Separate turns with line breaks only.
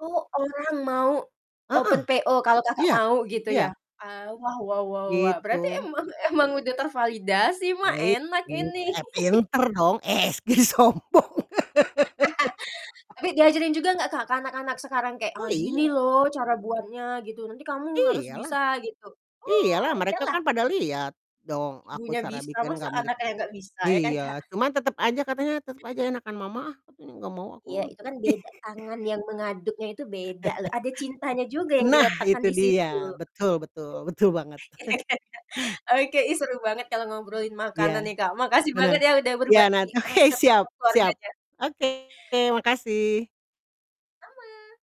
Oh, orang mau
Heeh,
open PO kalau Kakak
iya,
mau gitu ya,
iya.
ah, wah wah wah wah wah, berarti
Gitu.
emang emang udah tervalidasi mah
Baik.
enak
[unintelligible]
ini.
eh, pinter dong, eh, s ki sombong.
Tapi diajarin juga nggak Kak ke anak-anak sekarang kayak,
Oh
"Ah gini
iya.
loh cara buatnya," gitu, "nanti kamu harus
Iya lah.
bisa." gitu, Wo
Iya lah,
iya
mereka
lah.
kan pada lihat dong aku
Ibunya
cara
bisa,
bikin
masa anaknya
[unintelligible]
nggak bisa, ya kan Kak?
Iya, cuma tetep aja, katanya tetep aja enakan mama ah, nggak mau aku
Iya
ah.
itu kan beda, tangan yang mengaduknya itu beda loh, ada cintanya juga yang
Nah,
diletakkan
itu
di
dia,
situ.
betul betul, betul banget.
Ya ya ya. Oke, ih seru banget kalau ngobrolin
Iya,
makanan nih Kak, makasih
bener,
banget ya udah
iya
berbagi
nant oke siap,
resep-resep
siap
keluarganya.
oke, makasih.
Sama.